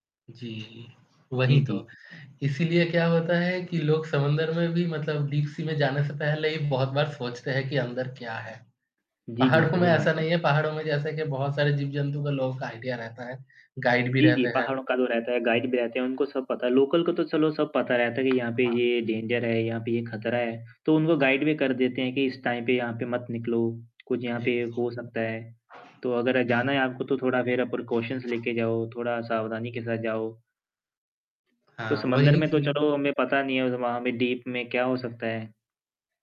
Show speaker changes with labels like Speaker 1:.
Speaker 1: जी, वही
Speaker 2: जी,
Speaker 1: तो।
Speaker 2: जी।
Speaker 1: इसीलिए क्या होता है कि लोग समुन्दर में भी मतलब डीप सी में जाने से पहले ही बहुत बार सोचते हैं कि अंदर क्या है।
Speaker 2: जी, जी,
Speaker 1: पहाड़ों में
Speaker 2: सही बात
Speaker 1: ऐसा नहीं
Speaker 2: है।
Speaker 1: है पहाड़ों में जैसे कि बहुत सारे जीव-जंतु के लोगों का आईडीया रहता है। गाइड भी
Speaker 2: जी, जी,
Speaker 1: रहते हैं।
Speaker 2: पहाड़ो का तो रहता है, गाइड भी रहते हैं उनको सब पता है। लोकल को तो चलो सब पता रहता है कि यहाँ पे
Speaker 1: हाँ।
Speaker 2: ये डेंजर है, यहाँ पे ये खतरा है। तो उनको गाइड भी कर देते हैं कि इस टाइम पे यहाँ पे मत निकलो। कुछ यहाँ पे
Speaker 1: एग्स
Speaker 2: हो सकता है। तो अगर जाना है आपको तो थोड़ा ज़रा प्रिकॉशंनस लेके जाओ, थोड़ा सावधानी के साथ जाओ। तो
Speaker 1: हाँ,
Speaker 2: समुन्दर
Speaker 1: वही
Speaker 2: में तो
Speaker 1: चीज़।
Speaker 2: चलो हमें पता नहीं है वहाँ पे डीप में क्या हो सकता है।